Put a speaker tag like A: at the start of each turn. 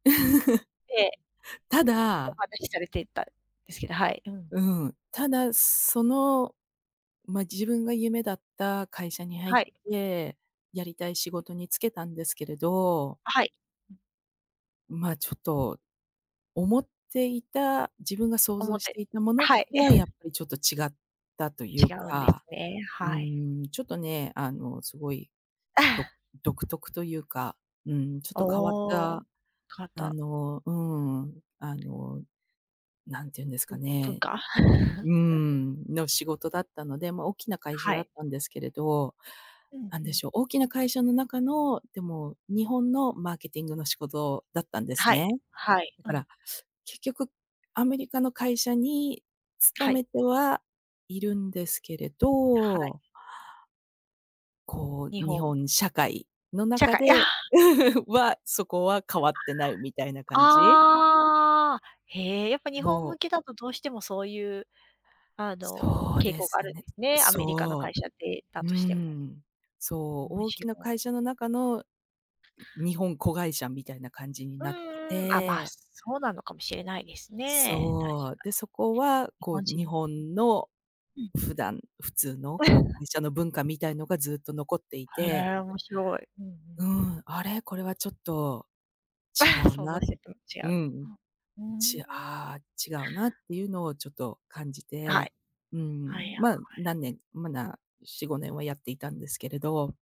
A: ええ。
B: た
A: お
B: だ
A: 話しされていたんですけど、はい。うん。
B: うん。ただ、その、ま、自分が夢だった会社に入っ
A: はい。
B: て、やりたい仕事につけたんですけれど
A: あ、はい。うん。
B: ま、ちょっと、思っていた自分が想
A: 思
B: 像
A: っ
B: し
A: て
B: ていたものと
A: はい。
B: は、やっ ぱりちょっと違ったという
A: 違うんです
B: か。
A: ね、
B: う
A: はい。
B: ーん。ちょっとね、あの、すごい、ど 独特というか、うん、ちょっと変わっ
A: おお。
B: た、
A: かわっ
B: あ
A: た
B: の、うん、あの、何て言うんです
A: ぶ
B: か
A: ん文
B: ね。
A: 化。
B: う ん、の仕事だったので、ま、大きな会社
A: は
B: だ
A: い。
B: ったんですけれど。
A: うん、
B: 何
A: う
B: で
A: ん。
B: しょう、大きな会社の中の、でも日本のマーケティングの仕事だったんです
A: はい、
B: ね。
A: はい。
B: だ
A: う
B: か
A: ん。
B: ら、結局アメリカの会社に勤
A: はい。
B: めてはいるんですけれ
A: はい。
B: どこ
A: 日
B: う、日
A: 本。
B: 本社会の
A: 社
B: 中
A: 会、あ
B: で
A: あ。
B: は、そこは変わってない、みたいな感じ？
A: ああ。へえ、やっぱ日本
B: そ
A: 向
B: う。
A: けだと、どうしてもそういう、あの
B: そう
A: 傾
B: で
A: 向が
B: す
A: あるん
B: ね、
A: ですね。アメリカの会
B: そ
A: 社でだ
B: う。う
A: としても。
B: ん。そう、
A: 面
B: 大きな
A: 白。
B: 会社の中の、日本子会社みたいな感じに
A: う
B: なって
A: んうん、あ、ま、
B: て。
A: そうなのかもしれないですね、確か
B: そう。で、そこは、
A: に。日
B: こう
A: 本人
B: 日本の、
A: うん。うん。
B: 普段普通の、こう 会社の文化みたいのが、ずっと残ってい
A: は、
B: て。
A: へえ、面白い。うんう
B: う
A: ん。
B: ん、あれ、これはちょっと違 う
A: 想像
B: な、
A: してたのと違う。
B: うん、
A: うん。う
B: ち
A: ーん。
B: ああ、違うなっていうのをちょっと感じ
A: は
B: て、
A: い。
B: う
A: はいは
B: ん。
A: い。
B: ま、何年、まだ4、5年はやっていたんですけれど